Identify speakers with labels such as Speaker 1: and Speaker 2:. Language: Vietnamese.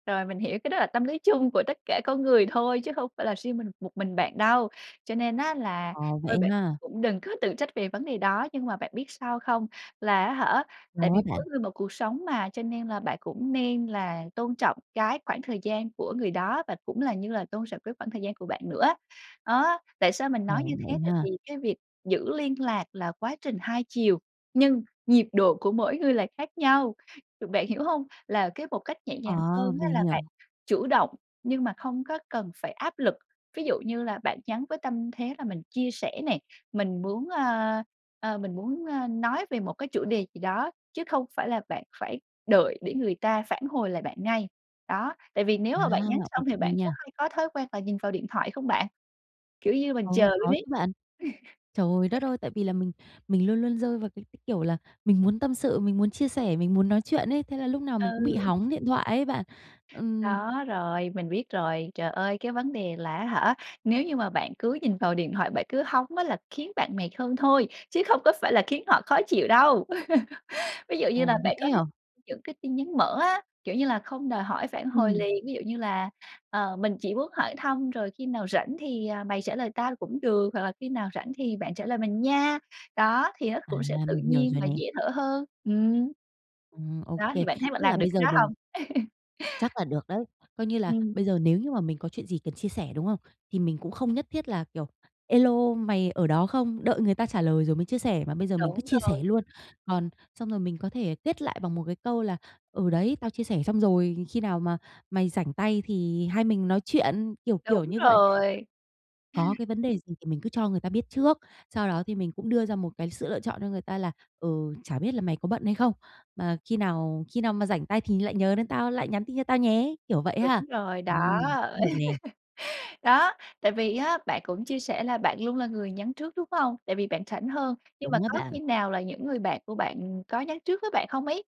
Speaker 1: Rồi, mình hiểu, cái đó là tâm lý chung của tất cả con người thôi, chứ không phải là riêng mình một mình bạn đâu. Cho nên á là,
Speaker 2: Ờ, vậy
Speaker 1: thôi bạn
Speaker 2: ha?
Speaker 1: cũng đừng có tự trách về vấn đề đó, nhưng mà bạn biết sao không? Là á hả, tại
Speaker 2: Sao á
Speaker 1: vì mỗi
Speaker 2: bạn?
Speaker 1: người một cuộc sống mà, cho nên là bạn cũng nên là tôn trọng cái khoảng thời gian của người đó và cũng là như là tôn trọng cái khoảng thời gian của bạn nữa. Đó, tại sao mình
Speaker 2: Ờ.
Speaker 1: nói như
Speaker 2: Vậy
Speaker 1: thế? Tại
Speaker 2: ha?
Speaker 1: vì cái việc giữ liên lạc là quá trình hai chiều, nhưng nhịp độ của mỗi người là khác nhau, bạn hiểu hông? Là cái một cách nhẹ nhàng
Speaker 2: Ờ!
Speaker 1: hơn á
Speaker 2: Mình
Speaker 1: là bạn
Speaker 2: hiểu.
Speaker 1: chủ động, nhưng mà không có cần phải áp lực. Ví dụ như là bạn nhắn với tâm thế là mình chia sẻ nè, mình muốn, ơ, ơ, mình muốn, ơ, nói về một cái chủ đề gì đó, chứ không phải là bạn phải đợi để người ta phản hồi lại bạn ngay. Đó. Tại vì nếu
Speaker 2: À!
Speaker 1: mà bạn nhắn
Speaker 2: Ô
Speaker 1: xong thì
Speaker 2: kê
Speaker 1: bạn có
Speaker 2: nha.
Speaker 1: hay có thói quen là nhìn vào điện thoại không bạn? Kiểu như mình
Speaker 2: Ừ!
Speaker 1: chờ luôn
Speaker 2: Có
Speaker 1: ấy.
Speaker 2: chứ bạn. Trời đất ơi, tại vì là mình mình luôn luôn rơi vào cái cái, kiểu, là mình muốn tâm sự, mình muốn chia sẻ, mình muốn nói chuyện ấy, thế là lúc nào mình cũng bị
Speaker 1: Ừ.
Speaker 2: hóng điện thoại ấy bạn. Ừm
Speaker 1: Đó, rồi, mình biết rồi. Trời ơi, cái vấn đề là á hả, nếu như mà bạn cứ nhìn vào điện thoại, bạn cứ hóng á là khiến bạn mệt hơn thôi, chứ không có phải là khiến họ khó chịu đâu. Ví dụ như là
Speaker 2: Ồ. Vậy
Speaker 1: bạn có
Speaker 2: ấy
Speaker 1: thể
Speaker 2: hả?
Speaker 1: những cái tin nhắn mở á, kiểu như là, không đòi hỏi phản hồi
Speaker 2: Ừm.
Speaker 1: liền, ví dụ như là, ờ: "Mình chỉ muốn hỏi thăm rồi khi nào rảnh thì, à, mày trả lời tao cũng được" hoặc là: "Khi nào rảnh thì bạn trả lời mình nha." Đó, thì nó
Speaker 2: À.
Speaker 1: cũng sẽ tự
Speaker 2: Mình hiểu
Speaker 1: nhiên
Speaker 2: rồi
Speaker 1: và
Speaker 2: nè.
Speaker 1: dễ thở hơn. Ừm.
Speaker 2: Ừm, ô
Speaker 1: Đó, thì
Speaker 2: kê.
Speaker 1: bạn thấy bạn
Speaker 2: Tức là
Speaker 1: làm được
Speaker 2: bây
Speaker 1: cái
Speaker 2: giờ
Speaker 1: đó
Speaker 2: mình
Speaker 1: hông?
Speaker 2: Chắc là được đấy. Coi như là
Speaker 1: Ừm.
Speaker 2: bây giờ nếu như mà mình có chuyện gì cần chia sẻ, đúng không, thì mình cũng không nhất thiết là, kiểu: "Ê lô, mày ở đó không?" đợi người ta trả lời rồi mới chia sẻ, mà bây giờ mình cứ
Speaker 1: Đúng
Speaker 2: chia
Speaker 1: rồi.
Speaker 2: sẻ luôn. Còn xong rồi mình có thể kết lại bằng một cái câu là: "Ừ đấy, tao chia sẻ xong rồi, khi nào mà mày rảnh tay thì hai mình nói chuyện." kiểu kiểu
Speaker 1: Đúng
Speaker 2: như vậy.
Speaker 1: rồi.
Speaker 2: Có cái vấn đề gì thì mình cứ cho người ta biết trước, sau đó thì mình cũng đưa ra một cái sự lựa chọn cho người ta là: "Ừ, chả biết là mày có bận hay không, mà khi nào khi nào mà rảnh tay thì lại nhớ đến tao, lại nhắn tin cho tao nhé!" kiểu vậy ha?
Speaker 1: Đúng rồi, đó.
Speaker 2: Ừm. Cũng được nè.
Speaker 1: Đó, tại vì á, bạn cũng chia sẻ là bạn luôn là người nhắn trước, đúng không? Tại vì bạn rảnh hơn. Nhưng mà
Speaker 2: Đúng á
Speaker 1: có khi
Speaker 2: bạn.
Speaker 1: nào là những người bạn của bạn có nhắn trước với bạn không ấy?